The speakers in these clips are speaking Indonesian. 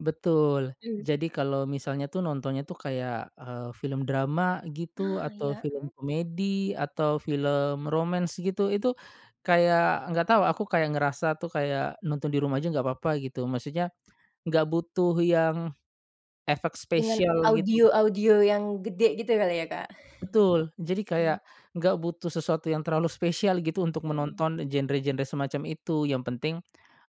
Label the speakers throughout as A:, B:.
A: Betul,
B: Mmm.
A: jadi kalau misalnya tuh nontonnya tuh kayak, eee, film drama, gitu,
B: Ah,
A: atau
B: iya, eee.
A: film komedi, atau film romance, gitu, itu kayak nggak tahu aku, kayak ngerasa tuh, kayak nonton di rumah aja nggakpapa gitu, maksudnya nggak butuh yang, efek
B: Dengan
A: spesial, gitu.
B: audio-audio yang gede gitu kali ya, Kak?
A: Betul, jadi
B: Hmm.
A: kayak nggak butuh sesuatu yang terlalu spesial gitu untuk
B: Hmm.
A: menonton genre-genre semacam itu, yang penting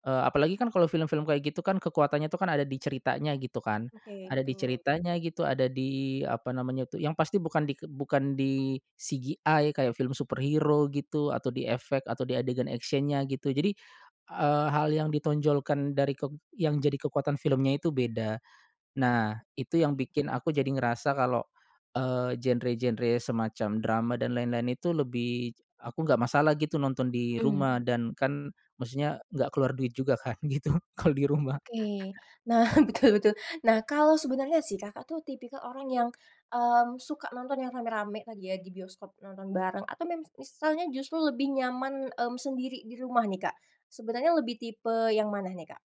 A: eee, apalagi kan kalau film-film kayak gitu kan kekuatannya tuh kan ada di ceritanya gitu kan
B: Oke,
A: ada di
B: betul.
A: ceritanya gitu, ada di, apa namanya itu yang pasti bukan di ke bukan di CGI kayak film superhero, gitu, atau di efek atau di adegan action-nya, gitu. Jadi, eee, hal yang ditonjolkan dari kek yang jadi kekuatan filmnya itu beda. Nah, itu yang
B: Mhm.
A: bikin aku
B: [unintelligible]
A: jadi ngerasa kalau, eee, genre-genre semacam drama dan lain-lain itu lebih, aku nggak masalah gitu nonton di
B: Mmm.
A: rumah dan kan, maksudnya nggak keluar duit juga kan, gitu, kalau di rumah.
B: Oke. Nah, betul betul. Nah, kalau sebenernya sih, Kakak, tuh tipikal orang yang, eee, suka nonton yang ramai-ramai tadi ya, di bioskop nonton bareng? Atau mem misalnya justru lebih nyaman, mmm, sendiri di rumah nih, Kak? Sebenarnya lebih tipe yang mana nih, Kak?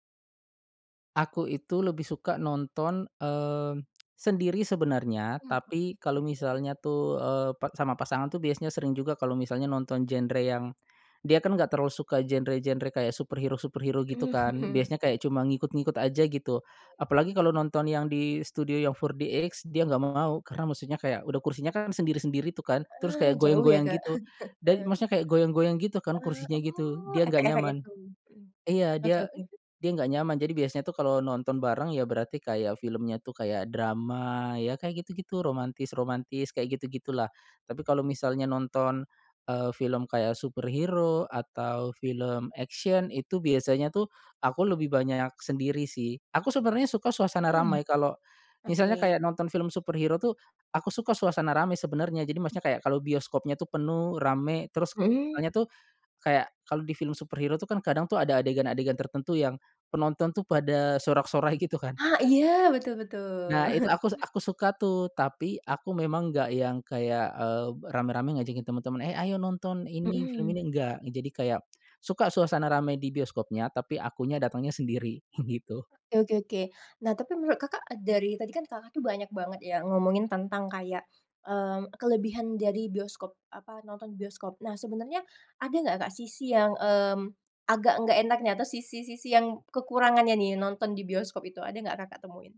A: Aku itu lebih suka nonton, eee, sendiri sebenarnya,
B: Mhm, ah
A: tapi kalau
B: betul.
A: misalnya tuh, eee, pa sama pasangan tuh biasanya sering juga kalau misalnya nonton genre yang dia kan enggak terlalu suka genre-genre kayak superhero-superhero gitu kan,
B: Mhm,
A: biasanya
B: oke.
A: kayak cuma ngikut-ngikut aja, gitu.
B: Ya
A: Apalagi
B: mhm.
A: kalau nonton yang di studio yang 4DX dia enggak mau, karena maksudnya kayak udah kursinya kan sendiri-sendiri tuh kan, terus
B: Ah,
A: kayak
B: jauh ya,
A: goyang-goyang
B: Kak?
A: gitu dan
B: Heeh.
A: maksudnya kayak goyang-goyang gitu kan
B: Ah,
A: kursinya, gitu.
B: oh,
A: Dia enggak
B: efek-efek
A: nyaman
B: itu, mhm.
A: Iya,
B: Oke
A: dia
B: oke.
A: dia enggak nyaman jadi biasanya tuh kalau nonton bareng ya berarti kayak filmnya tuh kayak drama, ya kayak gitu-gitu, romantis-romantis kayak gitu-gitu lah. Tapi kalau misalnya nonton, eee, film kayak superhero atau film action itu biasanya tuh, aku lebih banyak sendiri sih. Aku sebenarnya suka suasana
B: Mhm,
A: ramai kalau, misalnya
B: oke.
A: kayak nonton film superhero tuh, aku suka suasana ramai sebenernya, jadi maksudnya kayak kalau bioskopnya tuh penuh, ramai, terus
B: Mhm.
A: soalnya tuh kayak kalo di film superhero tuh kan kadang tuh ada adegan-adegan tertentu yang penonton tuh pada sorak-sorai gitu kan.
B: Ha iya! Betul betul.
A: Nah, itu aku aku suka tuh. Tapi aku memang enggak yang kayak, eee, ramai-ramai ngajakin temen-temen, "Eh ayo nonton ini, film
B: Mhm.
A: ini!" Enggak, nge jadi kayak, suka suasana ramai di bioskopnya tapi akunya datengnya sendiri, gitu.
B: Oke oke oke. Nah, tapi menurut, Kakak, dari tadi kan, Kakak, tuh banyak banget ya ngomongin tentang kayak, eee, kelebihan dari bioskop, apa nonton bioskop. Nah, sebenernya ada nggak, Kak, sisi yang, mmm, agak nggak enaknya atau sisi-sisi yang kekurangannya nih nonton di bioskop itu, ada nggak, Kakak, temuin?